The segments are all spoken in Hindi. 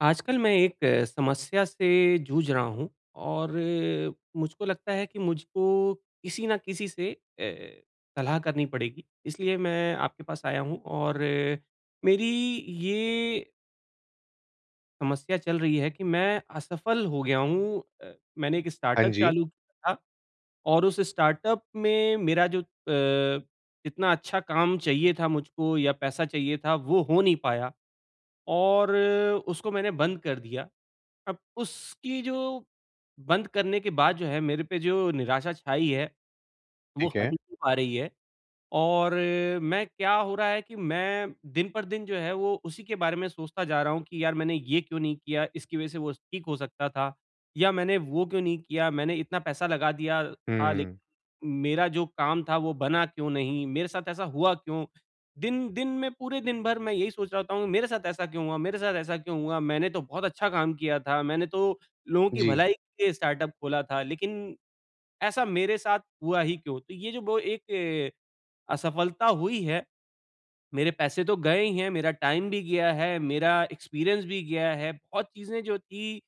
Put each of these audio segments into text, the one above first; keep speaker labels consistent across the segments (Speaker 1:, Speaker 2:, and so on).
Speaker 1: आजकल मैं एक समस्या से जूझ रहा हूँ और मुझको लगता है कि मुझको किसी न किसी से ए, सलाह करनी पड़ेगी इसलिए मैं आपके पास आया हूँ और मेरी ये समस्या चल रही है कि मैं असफ़ल हो गया हूँ ए, मैंने एक
Speaker 2: हाँ
Speaker 1: स्टार्टअप
Speaker 2: जी।
Speaker 1: चालू किया था और उस स्टार्टअप में मेरा जो अ, इतना अच्छा काम चाहिए था मुझको या पैसा चाहिए था वो हो नहीं पाया और उसको मैंने बंद कर दिया। अब उसकी जो बंद करने के बाद जो है मेरे पे जो निराशा छाई है। वो
Speaker 2: ठीक
Speaker 1: हट
Speaker 2: है।
Speaker 1: ही नहीं पा रही है। और मैं क्या हो रहा है कि मैं दिन पर दिन जो है, वो उसी के बारे में सोचता जा रहा हूँ कि यार मैंने ये क्यों नहीं किया, इसकी वजह से वो ठीक हो सकता था या मैंने वो क्यों नहीं किया, मैंने इतना पैसा लगा दिया था लेक़िन
Speaker 2: हुँ।
Speaker 1: मेरा जो काम था वो बना क्यों नहीं? मेरे साथ ऐसा हुआ क्यों? दिन दिन में पूरे दिन भर मैं यही सोच रहा था हूँ मेरे साथ ऐसा क्यों हुआ मेरे साथ ऐसा क्यों हुआ? मैंने तो बहुत अच्छा काम किया था। मैंने तो लोगों की
Speaker 2: जी।
Speaker 1: भलाई के लिए स्टार्टअप ख़ोला था लेक़िन ऐसा मेरे साथ हुआ ही क्यों? तो ये जो ब एक असफ़लता हुई है, मेरे पैसे तो गए ही हैं मेरा टाइम भी गया है, मेरा एक्सपीरियंस भी गया है, बहुत चीज़ें जो थी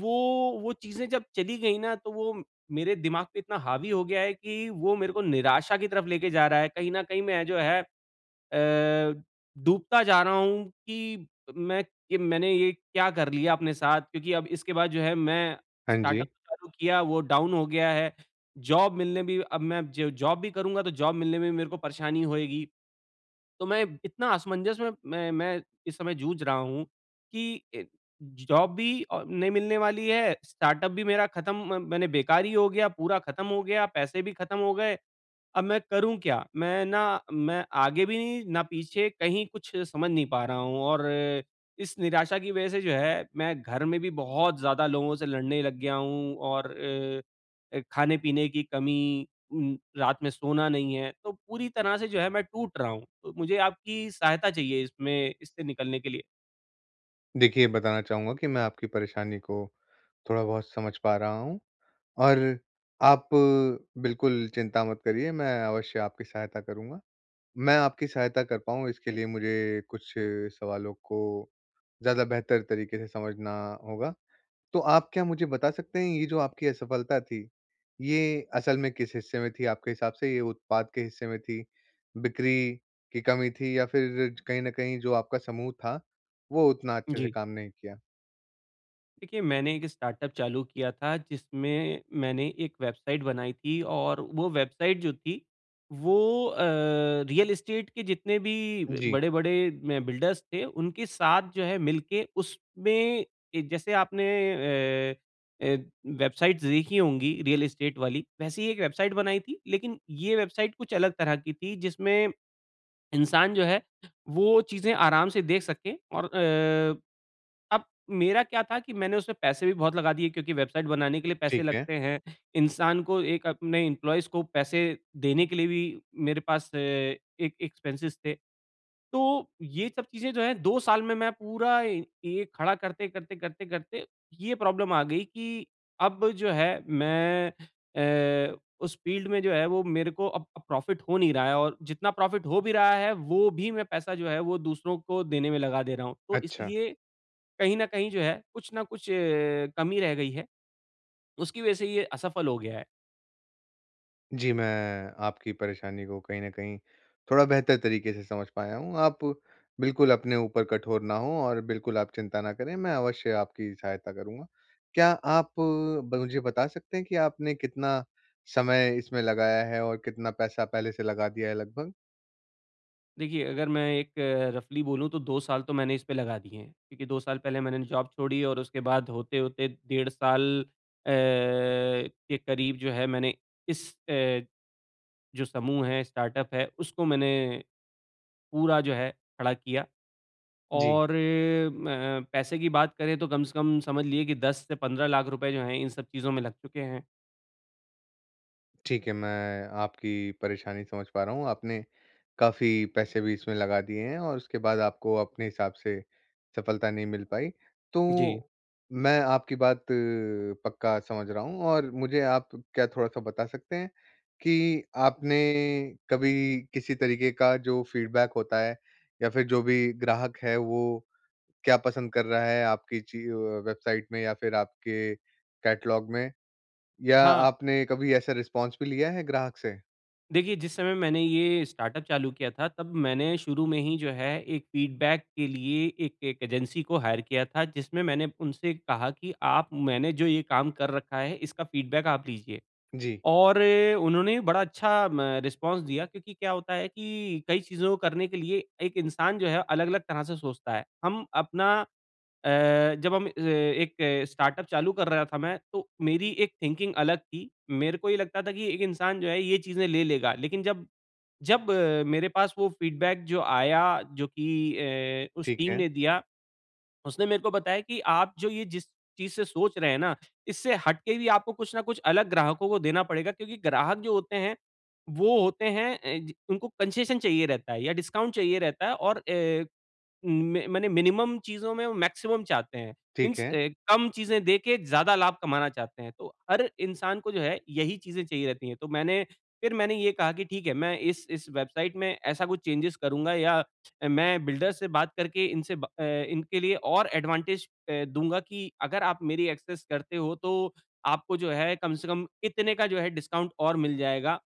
Speaker 1: वो वो चीज़ें जब चली गई ना तो वो मेरे दिमाग पे इतना हावी हो गया है कि वो मेरे को निराशा की तरफ़ लेके जा रहा है कहीं न कहीं मैं जो है ए, डूबता जा रहा हूँ कि मैं कि मैंने ये क्या कर लिया अपने साथ क्योंकि अब इसके बाद जो है मैं
Speaker 2: हाँ
Speaker 1: स्टार्टअप
Speaker 2: जी।
Speaker 1: चालू किया वो डाउन हो गया है। जॉब मिलने भी अब मैं ज जॉब भी करूँगा तो जॉब मिलने में भी मेरे को परेशानी होएगी। तो मैं इतना असमंजस में मैं मैं इस समय जूझ रहा हूँ कि ज जॉब भी नहीं मिलने वाली है, स्टार्टअप भी मेरा ख़त्म म मैंने बेकार ही हो गया, पूरा ख़त्म हो गया, पैसे भी ख़त्म हो गए, अब मैं करूँ क्या? मैं ना मैं आगे भी नहीं, ना पीछे कहीं कुछ समझ नहीं पा रहा हूँ और इस निराशा की वजह से जो है, मैं घर में भी बहुत ज़्यादा लोगों से लड़ने लग गया हूँ और अ अ, ख़ाने-पीने की कमी रात में सोना नहीं है। तो पूरी तरह से जो है मैं टूट रहा हूँ, तो मुझे आपकी सहायता चाहिए इसमें, इससे निकलने के लिए।
Speaker 2: देखिए बताना चाहूँगा कि मैं आपकी परेशानी को थोड़ा-बहुत समझ पा रहा हूँ, और आप बिल्कुल चिंता मत करिए, मैं अवश्य आपकी सहायता करूँगा। मैं आपकी सहायता कर पाऊँ इसके लिए मुझे कुछ सवालों को ज़्यादा बेहतर तरीक़े से समझना होगा। तो आप क्या मुझे बता सकते हैं ये जो आपकी असफ़लता थी, ये असल में किस हिस्से में थी आपके हिसाब से ये उत्पाद के हिस्से में थी। बिक्री की कमी थी या फ़िर कहीं न कहीं जो आपका समूह था, वो उतना अच्छे से
Speaker 1: जी।
Speaker 2: काम नहीं किया।
Speaker 1: देखिए मैंने एक स्टार्टअप चालू किया था जिसमें मैंने एक वेबसाइट बनाई थी और वो वेबसाइट जो थी वो अ, रियल एस्टेट के जितने भी
Speaker 2: जी।
Speaker 1: बड़े-बड़े म बिल्डर्स थे उनके साथ जो है मिलके उसमें जैसे आपने अ, ए वेबसाइट्स देखी होंगी रियल एस्टेट वाली वैसे ही एक वेबसाइट बनाई थी लेक़िन ये वेबसाइट कुछ अलग तरह की थी जिसमें इंसान जो है वो चीज़ें आराम से देख सके और अ, अब मेरा क्या था कि मैंने उससे पैसे भी बहुत लगा दिए क्योंकि वेबसाइट बनाने के लिए पैसे
Speaker 2: ठीक है।
Speaker 1: लगते हैं। इंसान को एक अपने इम्प्लॉइज को पैसे देने के लिए भी मेरे पास अ, एक एक्सपेंसेस थे। तो ये सब चीजें जो हैं 2 साल में मैं पूरा ये ये खड़ा करते-करते, करते-करते ये प्रॉब्लम आ गई कि अब जो है मैं अ, उस फ़ील्ड में जो है वो मेरे को अब अब प्रॉफ़िट हो नहीं रहा है और जितना प्रॉफ़िट हो भी रहा है वो भी मैं पैसा जो है वो दूसरों को देने में लगा दे रहा हूँ। तो
Speaker 2: अच्छा।
Speaker 1: इसलिए कहीं न कहीं जो है कुछ ना कुछ अ, कमी रह गई है। उसकी वज़ह से ये असफ़ल हो गया है।
Speaker 2: जी, मैं आपकी परेशानी को कहीं न कहीं थोड़ा बेहतर तरीक़े से समझ पाया हूँ। आप बिल्कुल अपने ऊपर कठोर ना हो और बिल्कुल आप चिंता ना करें, मैं अवश्य आपकी सहायता करूँगा। क्या आप ब मुझे बता सकते हैं कि आपने कितना समय इसमें लगाया है? और कितना पैसा पहले से लगा दिया है लगभग?
Speaker 1: देखिए, अगर मैं एक रफ़ली बोलूँ तो 2 साल तो मैंने इसपे लगा दिए हैं, क्योंकि 2 साल पहले मैंने जॉब छोड़ी और उसके बाद होते-होते डेढ़ साल अ, के करीब जो है मैंने इस अ, जो समूह है, स्टार्टअप है, उसको मैंने, पूरा जो है खड़ा किया।
Speaker 2: जी।
Speaker 1: और म पैसे की बात करें तो कम से कम समझ लीजिए कि 10 से 15 लाख रुपये जो है इन सब चीज़ों में लग चुके हैं।
Speaker 2: ठीक है, मैं आपकी परेशानी समझ पा रहा हूँ, आपने काफ़ी पैसे भी इसमें लगा दिए हैं और उसके बाद आपको अपने हिसाब से सफलता नहीं मिल पाई।
Speaker 1: जी।
Speaker 2: तो, मैं आपकी बात अ, पक्का समझ रहा हूँ और मुझे आप क्या थोड़ा-सा बता सकते हैं, कि आपने कभी किसी तरीक़े का जो फ़ीडबैक होता है या फिर जो भी ग्राहक है वो क्या पसंद कर रहा है आपकी ची अ, वेबसाइट में या फिर आपके कैटलॉग में? या
Speaker 1: हाँ।
Speaker 2: आपने कभी ऐसा रिस्पॉन्स भी लिया है ग्राहक से?
Speaker 1: देखिए, जिस समय मैंने ये स्टार्टअप चालू किया था तब मैंने शुरू में ही जो है एक फीडबैक के लिए एक एक एजेंसी को हायर किया था जिसमें मैंने उनसे कहा कि आप मैंने जो ये काम कर रखा है इसका फीडबैक आप लीजिए।
Speaker 2: जी।
Speaker 1: और उन्होंने बड़ा अच्छा म रिस्पॉन्स दिया क्योंकि क्या होता है कि कई चीज़ों को करने के लिए एक इंसान जो है अलग-अलग तरह से सोचता है। हम अपना अ, जब हम ए एक स्टार्टअप चालू कर रहा था मैं, तो मेरी एक थिंकिंग अलग थी। मेरे को ये लगता था कि एक इंसान जो है ये चीज़े ले लेगा। लेकिन जब जब मेरे पास वो फीडबैक जो आया जो की ए उस
Speaker 2: ठीक
Speaker 1: टीम
Speaker 2: है।
Speaker 1: ने दिया। उसने मेरे को बताया कि आप जो ये जिस चीज़ से सोच रहे हैं ना इससे हट के भी आपको कुछ ना कुछ अलग ग्राहकों को देना पड़ेगा क्योंकि ग्राहक जो होते हैं वो होते हैं ए जी, उनको कंसेशन चाहिए रहता है या डिस्काउंट चाहिए रहता है और ए में माने मिनिमम चीज़ों में वो मैक्सिमम चाहते हैं।
Speaker 2: ठीक
Speaker 1: मीन्स
Speaker 2: है।
Speaker 1: अ, कम चीज़ें दे के ज़्यादा लाभ कमाना चाहते हैं। तो हर इंसान को जो है यही चीज़ें चाहिए रहती है। तो मैंने फिर मैंने ये कहा कि ठीक है मैं इस इस वेबसाइट में ऐसा कुछ चेंजेज करूँगा या मैं बिल्डर से बात करके इनसे ब अ, इनके लिए और एडवांटेज ए, दूँगा कि अगर आप मेरी एक्सेस करते हो तो आपको जो है कम से कम इतने का जो है डिस्काउंट और मिल जाएगा।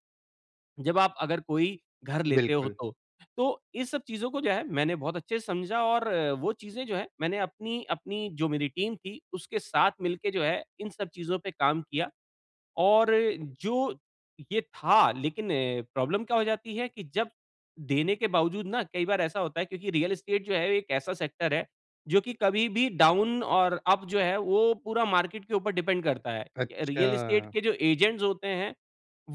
Speaker 1: जब आप अगर कोई घर लेते हो
Speaker 2: बिल्कुल।
Speaker 1: तो। तो ये सब चीज़ों को जो है मैंने बहुत अच्छे से समझा और वो चीज़ें जो है मैंने अपनी अपनी जो मेरी टीम थी उसके साथ मिलके जो है इन सब चीज़ों पे काम किया। और जो ये था लेकिन प्रॉब्लम क्या हो जाती है कि जब देने के बावजूद ना कई बार ऐसा होता है क्योंकि रियल एस्टेट जो है एक ऐसा सेक्टर है जो कि कभी भी डाउन और अप जो है वो पूरा मार्केट के ऊपर डिपेंड करता है। रियल एस्टेट
Speaker 2: अच्छा।
Speaker 1: के जो एजेंट्स होते हैं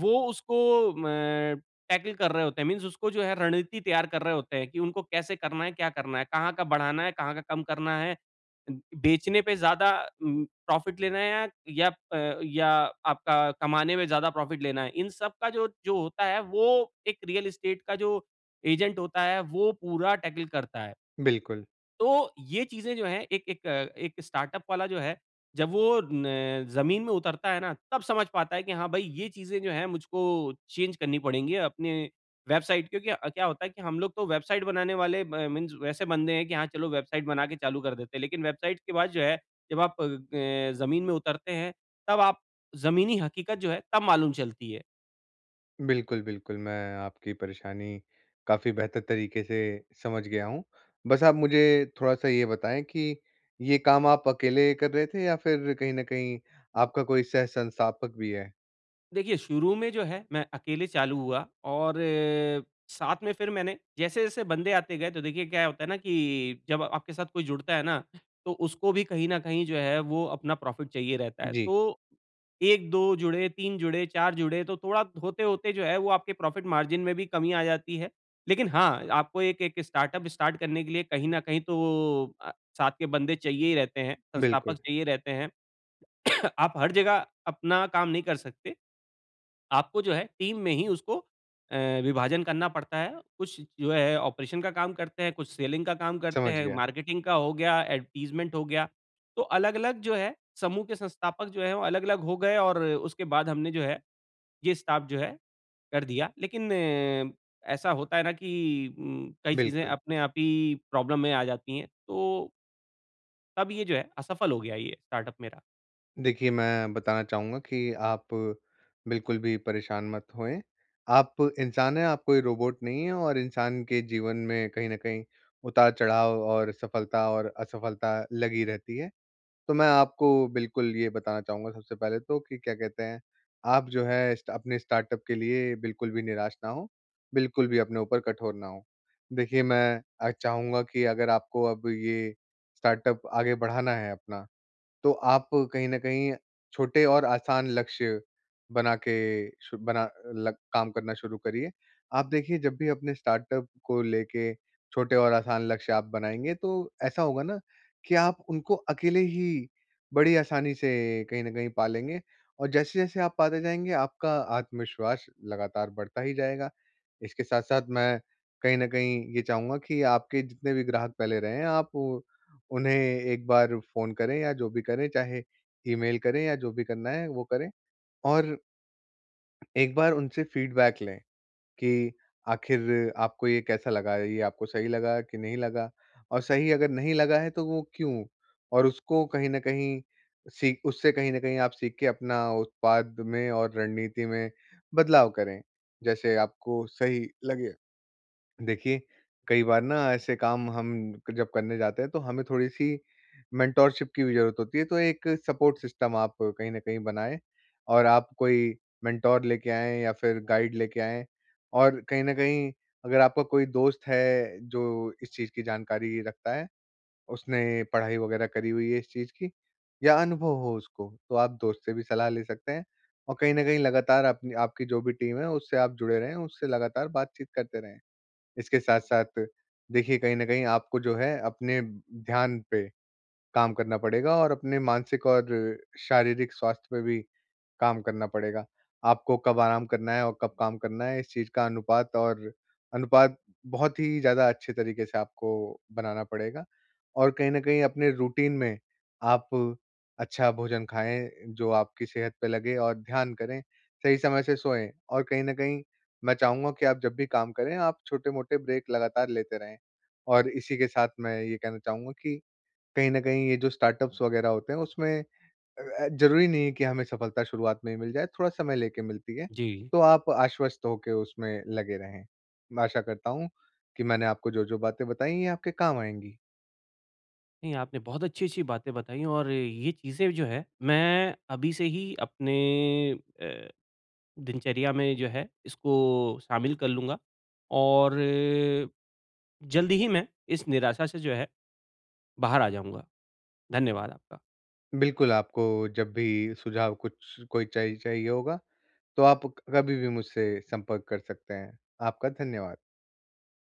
Speaker 1: वो उसको म टैकल कर रहे होते हैं मीन्स उसको जो है रणनीति तैयार कर रहे होते हैं कि उनको कैसे करना है? क्या करना है? कहाँ का बढ़ाना है? कहाँ का कम करना है? अ, बेचने पे ज़्यादा अम, प्रॉफिट लेना है या अ, या आपका कमाने में ज़्यादा प्रॉफिट लेना है। इन सबका जो जो होता है वो एक रियल एस्टेट का जो एजेंट होता है वो पूरा टैकल करता है।
Speaker 2: बिल्कुल।
Speaker 1: तो ये चीजें जो है एक एक एक स्टार्टअप वाला जो है, जब वो न जमीन में उतरता है ना तब समझ पाता है कि हाँ भाई ये चीजें जो है मुझको चेंज करनी पड़ेगी अपने वेबसाइट क्योंकि अ, क्या होता है कि हम लोग तो वेबसाइट बनाने वाले म मीन्स वैसे बंदे हैं कि हाँ चलो वेबसाइट बना के चालू कर देते हैं। लेकिन वेबसाइट के बाद जो है जब आप अ, जमीन में उतरते हैं तब आप जमीनी हकीकत जो है तब मालूम चलती है।
Speaker 2: बिल्कुल, बिल्कुल मैं आपकी परेशानी काफ़ी बेहतर तरीके से समझ गया हूँ, बस आप मुझे थोड़ा-सा ये बताएँ कि ये काम आप अकेले कर रहे थे या फिर कहीं न कहीं आपका कोई सह संस्थापक भी है?
Speaker 1: देखिए शुरू में जो है मैं अकेले चालू हुआ और अ, साथ में फिर मैंने जैसे-जैसे बन्दे आते गए तो देखिए क्या होता है ना कि जब आपके साथ कोई जुड़ता है ना, तो उसको भी कहीं न कहीं जो है वो अपना प्रॉफिट चाहिए रहता है।
Speaker 2: जी।
Speaker 1: तो 1-2 जुड़े, 3 जुड़े, 4 जुड़े तो थोड़ा होते-होते जो है, वो आपके प्रॉफिट मार्जिन में भी कमी आ जाती है। लेकिन हाँ, आपको एक-एक स्टार्टअप स्टार्ट करने के लिए कहीं न कहीं तो वो अ, साथ के बन्दे चाहिए ही रहते हैं, संस्थापक
Speaker 2: बिल्कुल।
Speaker 1: चाहिए रहते हैं। आप हर जगह अपना काम नहीं कर सकते, आपको जो है टीम में ही उसको अ, विभाजन करना पड़ता है। कुछ जो है ऑपरेशन का काम करते हैं, कुछ सेलिंग का काम करते
Speaker 2: समझ
Speaker 1: हैं,
Speaker 2: गया।
Speaker 1: मार्केटिंग का हो गया, एडवर्टाइज़मेंट हो गया। तो अलग-अलग जो है समूह के संस्थापक जो हैं, वो अलग-अलग हो गए और उसके बाद हमने जो है ये स्टाफ जो है कर दिया। लेकिन अ, ऐसा होता है ना कि उम, कई चीज़ें
Speaker 2: बिल्कुल।
Speaker 1: अपने आप ही प्रॉब्लम में आ जाती है, तो तब ये जो है, असफल हो गया ये, स्टार्टअप मेरा।
Speaker 2: देखिए, मैं बताना चाहूँगा कि आप बिल्कुल भी परेशान मत होएँ, आप इंसान हैं, आप कोई रोबोट नहीं है और इंसान के जीवन में कहीं न कहीं उतार-चढ़ाव और सफलता और असफलता लगी रहती है। तो मैं आपको बिल्कुल ये बताना चाहूँगा सबसे पहले तो कि क्या कहते हैं, आप जो है स्टा अपने स्टार्टअप के लिए बिल्कुल भी निराश न हों, बिल्कुल भी अपने ऊपर कठोर ना हो। देखिए, मैं अ, चाहूँगा कि अगर आपको अब ये स्टार्टअप आगे बढ़ाना है अपना, तो आप कहीं न कहीं छोटे और आसान लक्ष्य बना के सु बना लग काम करना शुरू करिए, आप देखिए जब भी अपने स्टार्टअप को लेके छोटे और आसान लक्ष्य आप बनाएँगे, तो ऐसा होगा ना, कि आप उनको अकेले ही बड़ी आसानी से कहीं न कहीं पा लेंगे। और जैसे-जैसे आप पाते जाएँगे आपका आत्मविश्वास लगातार बढ़ता ही जाएगा, इसके साथ-साथ मैं कहीं न कहीं ये चाहूँगा कि आपके जितने भी ग्राहक पहले रहे हैं, आप उन्हें एक बार फ़ोन करें या जो भी करें, चाहे ईमेल करें या जो भी करना है वो करें, और एक बार उनसे फीडबैक लें। कि, आखिर आपको ये कैसा लगा, ये आपको सही लगा कि नहीं लगा, और सही अगर नहीं लगा है तो वो क्यों? और उसको कहीं न कहीं सीख उससे कहीं न कहीं आप सीख के अपना उत्पाद में और रणनीति में बदलाव करें, जैसे आपको सही लगे। देखिए, कई बार ना ऐसे काम हम क जब करने जाते हैं, तो हमें थोड़ी-सी मेंटरशिप की भी जरूरत होती है तो एक सपोर्ट सिस्टम आप कहीं न कहीं बनाए और आप कोई मेंटर लेके आएँ या फिर गाइड लेके आएँ, और कहीं न कहीं अगर आपका कोई दोस्त है जो इस चीज़ की जानकारी रखता है, उसने पढ़ाई वगैरह करी हुई है इस चीज़ की या अनुभव हो उसको, तो आप दोस्त से भी सलाह ले सकते हैं। और कहीं न कहीं लगातार अपनी आपकी जो भी टीम है, उससे आप जुड़े रहें, उससे लगातार बातचीत करते रहें। इसके साथ-साथ देखिए, कहीं न कहीं आपको जो है अपने ब ध्यान पे काम करना पड़ेगा और अपने मानसिक और शारीरिक स्वास्थ्य पे भी काम करना पड़ेगा। आपको कब आराम करना है, और कब काम करना है? इस चीज़ का अनुपात और अनुपात बहुत ही ज़्यादा अच्छे तरीके से आपको बनाना पड़ेगा और कहीं न कहीं अपने रूटीन में, आप अच्छा भोजन खाएँ जो आपकी सेहत पे लगे और ध्यान करें, सही समय से सोएँ। और कहीं न कहीं मैं चाहूँगा कि आप जब भी काम करें, आप छोटे-मोटे ब्रेक लगातार लेते रहें। और इसी के साथ मैं ये कहना चाहूँगा कि कहीं न कहीं ये जो स्टार्टअप्स वगैरह होते हैं उसमें अ, ज़रूरी नहीं है कि हमें सफलता शुरुआत में ही मिल जाए, थोड़ा समय लेके मिलती है,
Speaker 1: जी।
Speaker 2: तो आप आश्वस्त होके उसमें लगे रहें। मैं आशा करता हूँ, कि मैंने आपको जो-जो बातें बताई है, ये आपके काम आएँगी।
Speaker 1: नहीं, आपने बहुत अच्छी-अच्छी बातें बताई और ये चीज़ें जो हैं, मैं अभी से ही अपने अ, दिनचर्या में जो है इसको शामिल कर लूँगा और, जल्दी ही मैं इस निराशा से जो है, बाहर आ जाऊँगा। धन्यवाद आपका।
Speaker 2: बिल्कुल, आपको जब भी सुझाव कुछ कोई च चाहिए होगा, तो आप क कभी-भी मुझसे संपर्क कर सकते हैं। आपका धन्यवाद।